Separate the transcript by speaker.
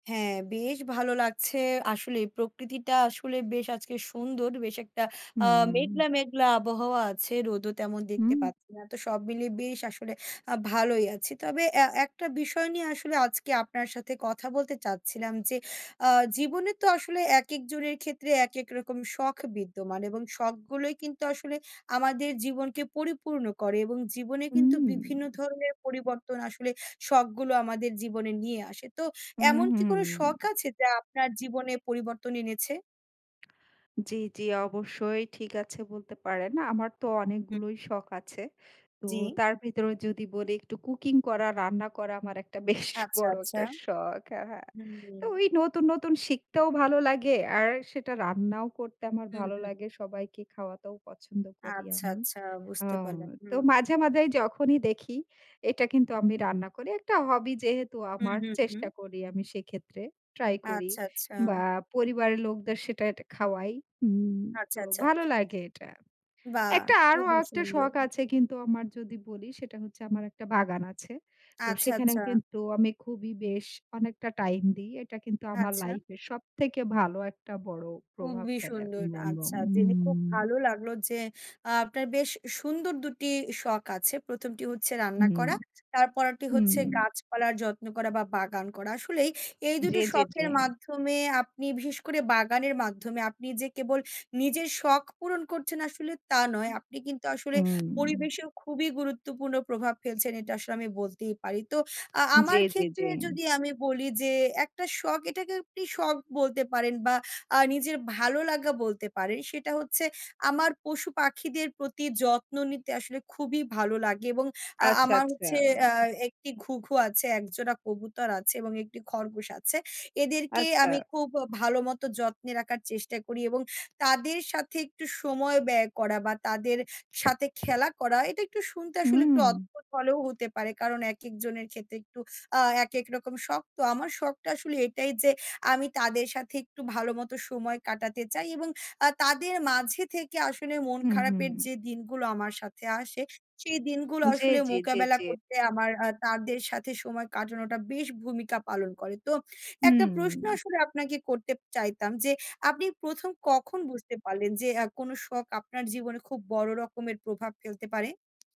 Speaker 1: হ্যাঁ, বেশ ভালো লাগছে। আসলেই প্রকৃতিটা আসলে বেশ আজকে সুন্দর। বেশ একটা আ
Speaker 2: হুম।
Speaker 1: মেঘলা, মেঘলা আবহাওয়া আছে। রোদও তেমন
Speaker 2: হুম।
Speaker 1: দেখতে পাচ্ছি না। তো সব মিলিয়ে বেশ আসলে আ ভালোই আছি। তবে অ্যা একটা বিষয় নিয়ে আসলে আজকে আপনার সাথে কথা বলতে চাচ্ছিলাম। যে আ জীবনে তো আসলে একেকজনের ক্ষেত্রে একেক রকম শখ বিদ্যমান। এবং শখগুলোই কিন্তু আসলে আমাদের জীবনকে পরিপূর্ণ করে এবং জীবনে কিন্তু
Speaker 2: হুম।
Speaker 1: বিভিন্ন ধরনের পরিবর্তন আসলে শখগুলো আমাদের জীবনে নিয়ে আসে। তো
Speaker 2: হু,
Speaker 1: এমন
Speaker 2: হু
Speaker 1: কি কোন শখ
Speaker 2: হু।
Speaker 1: আছে যা আপনার জীবনে পরিবর্তন এনেছে?
Speaker 2: জি, জি অবশ্যই। ঠিক আছে বলতে পারেন। আমার তো
Speaker 1: হু।
Speaker 2: অনেকগুলোই শখ আছে। তো
Speaker 1: জি।
Speaker 2: তার ভেতরে যদি বলি একটু cooking করা, রান্না করা আমার একটা বেশ
Speaker 1: আচ্ছা,
Speaker 2: বড়
Speaker 1: আচ্ছা।
Speaker 2: একটা শখ। হ্যাঁ, হ্যাঁ। তো
Speaker 1: হুম।
Speaker 2: ওই নতুন, নতুন শিখতেও ভালো লাগে আর সেটা রান্নাও করতে আমার
Speaker 1: হু,
Speaker 2: ভালো
Speaker 1: হু।
Speaker 2: লাগে, সবাইকে খাওয়াতেও পছন্দ করি
Speaker 1: আচ্ছা,
Speaker 2: আমি।
Speaker 1: আচ্ছা,
Speaker 2: অ্যা
Speaker 1: বুঝতে পারলাম।
Speaker 2: তো
Speaker 1: হুম।
Speaker 2: মাঝে-মাঝেই যখনই দেখি এটা কিন্তু আমি রান্না করি। একটা hobby যেহেতু
Speaker 1: হুম,
Speaker 2: আমার,
Speaker 1: হুম, হুম।
Speaker 2: চেষ্টা করি আমি সেক্ষেত্রে ট্রাই করি
Speaker 1: আচ্ছা,
Speaker 2: বা
Speaker 1: আচ্ছা।
Speaker 2: পরিবারের লোকদের সেটা খাওয়াই। হুম
Speaker 1: আচ্ছা,
Speaker 2: তো
Speaker 1: আচ্ছা।
Speaker 2: ভালো লাগে এটা।
Speaker 1: বাহ!
Speaker 2: একটা আরও
Speaker 1: খুবই
Speaker 2: একটা
Speaker 1: সুন্দর।
Speaker 2: শখ আছে কিন্তু আমার যদি বলি সেটা হচ্ছে আমার একটা বাগান আছে। তো
Speaker 1: আচ্ছা,
Speaker 2: সেখানেও
Speaker 1: আচ্ছা।
Speaker 2: কিন্তু আমি খুবই বেশ অনেকটা টাইম দিই। এটা কিন্তু আমার
Speaker 1: আচ্ছা।
Speaker 2: লাইফের সবথেকে ভালো একটা বড় প্রভাব
Speaker 1: খুবই
Speaker 2: ফেলে আমি
Speaker 1: সুন্দর।
Speaker 2: বলব।
Speaker 1: আচ্ছা। জেনে খুব
Speaker 2: হুম।
Speaker 1: ভালো লাগলো যে আ আপনার বেশ সুন্দর দুটি শখ আছে। প্রথমটি হচ্ছে রান্না
Speaker 2: হুম,
Speaker 1: করা, তারপরেরটি
Speaker 2: হুম।
Speaker 1: হচ্ছে গাছপালার যত্ন করা বা বাগান করা। আসলেই এই
Speaker 2: জি,
Speaker 1: দুটো
Speaker 2: জি, জি।
Speaker 1: শখের মাধ্যমে আপনি বিশেষ করে বাগানের মাধ্যমে আপনি যে কেবল নিজের শখ পূরণ করছেন আসলে তা
Speaker 2: হু,
Speaker 1: নয়, আপনি কিন্তু আসলে
Speaker 2: হুম।
Speaker 1: পরিবেশেও খুবই গুরুত্বপূর্ণ প্রভাব ফেলছেন এটা আসলে আমি বলতেই পারি। তো আ
Speaker 2: জি,
Speaker 1: আমার
Speaker 2: জি, জি।
Speaker 1: ক্ষেত্রে যদি আমি বলি যে একটা শখ এটাকে আপনি একটি শখ বলতে পারেন বা আ নিজের ভালো লাগা বলতে পারেন। সেটা হচ্ছে আমার পশু পাখিদের প্রতি যত্ন নিতে আসলে খুবই ভালো লাগে এবং আ
Speaker 2: আচ্ছা,
Speaker 1: আমার
Speaker 2: আচ্ছা।
Speaker 1: হচ্ছে অ্যা একটি ঘুঘু আছে, একজোড়া কবুতর আছে এবং একটি খরগোশ আছে। এদেরকে
Speaker 2: আচ্ছা।
Speaker 1: আমি খুব ভালোমতো যত্নে রাখার চেষ্টা করি এবং তাদের সাথে একটু সময় ব্যয় করা বা তাদের সাথে খেলা করা এটা একটু শুনতে আসলে একটু
Speaker 2: হুম।
Speaker 1: অদ্ভুত হলেও হতে পারে। কারণ একেকজনের ক্ষেত্রে একটু আ একেক রকম শখতো। আমার শখটা আসলে এটাই যে আমি তাদের সাথে একটু ভালোমতো সময় কাটাতে চাই এবং আ তাদের মাঝে থেকে আসলে মন
Speaker 2: হু,
Speaker 1: খারাপের
Speaker 2: হু।
Speaker 1: যে দিনগুলো আমার সাথে আসে, সেই দিনগুলো
Speaker 2: জি,
Speaker 1: আসলে
Speaker 2: জি, জি,
Speaker 1: মোকাবেলা
Speaker 2: জি।
Speaker 1: করতে আমার আ তাদের সাথে সময় কাটানোটা বেশ ভূমিকা পালন করে। তো একটা প্রশ্ন
Speaker 2: হুম।
Speaker 1: আসলে আপনাকে করতে চাইতাম যে আপনি ১ম কখন বুঝতে পারলেন যে আ কোন শখ আপনার জীবনে খুব বড় রকমের প্রভাব ফেলতে পারে?